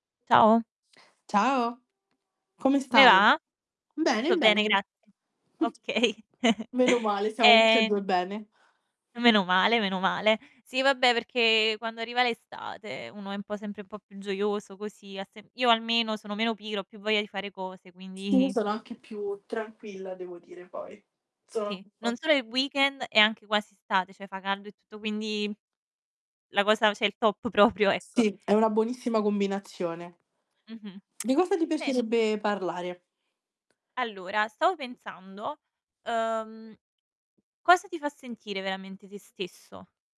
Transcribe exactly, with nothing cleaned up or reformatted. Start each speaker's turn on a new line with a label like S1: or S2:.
S1: Ciao.
S2: Ciao, come
S1: Come
S2: stai?
S1: va?
S2: Bene
S1: Tutto bene
S2: bene.
S1: grazie.
S2: Mh,
S1: Okay.
S2: meno male, stiamo tutte e
S1: Ehm
S2: due bene.
S1: Meno male, meno male. Sì vabbè perché quando arriva l'estate uno è un po' sempre un po' più gioioso così, ha semp io almeno sono meno pigra, ho più voglia di fare cose
S2: Sì, io
S1: quindi
S2: sono anche più tranquilla devo dire poi. Sono
S1: Sì,
S2: un
S1: non
S2: po'
S1: solo il weekend, è anche quasi estate, cioè fa caldo e tutto quindi la cosa cè il top proprio, ecco.
S2: Sì, è una buonissima combinazione.
S1: Mh-mh,
S2: Di cosa ti
S1: senti
S2: piacerebbe parlare?
S1: Allora, stavo pensando, uhm, cosa ti fa sentire veramente te stesso?